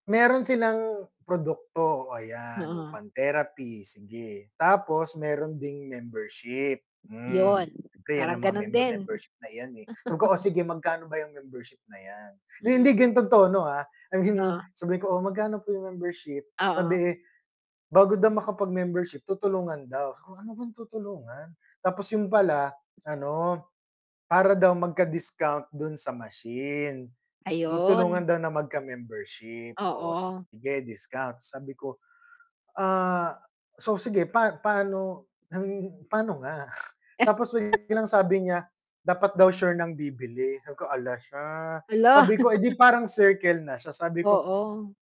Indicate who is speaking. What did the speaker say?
Speaker 1: Meron silang produkto, oh, ayan yung
Speaker 2: Mm.
Speaker 1: pang therapy, sige. Tapos mayro'n ding membership, hmm,
Speaker 2: 'Yun,
Speaker 1: siyempre yan
Speaker 2: parang
Speaker 1: ang mga
Speaker 2: gano'n
Speaker 1: member,
Speaker 2: din.
Speaker 1: membership na 'yan, eh, sabi ko, "Oh, sige magkano ba yang membership na yan?" Hindi,
Speaker 2: Mm.
Speaker 1: ganito yung tono, ah, I mean
Speaker 2: Ah.
Speaker 1: sabihin ko, "Oh, magkano po yung membership?"
Speaker 2: Oo.
Speaker 1: Sabi, bago daw makapag-membership tutulungan daw, sabi ko "Ano bang tutulungan?" Tapos 'yun pala ano, para daw magka-discount do'n sa machine. Tutulungan
Speaker 2: Ayun.
Speaker 1: daw na magka membership o
Speaker 2: Oo.
Speaker 1: sige discount sabi ko, "Ah, so sige pa paano paano nga?" Tapos biglang sabi niya, dapat daw sure ng bibili, sabi ko "Hala siya!"
Speaker 2: Hala.
Speaker 1: Sabi ko, "Eh, 'di parang circle na siya?" Sabi ko
Speaker 2: Oo.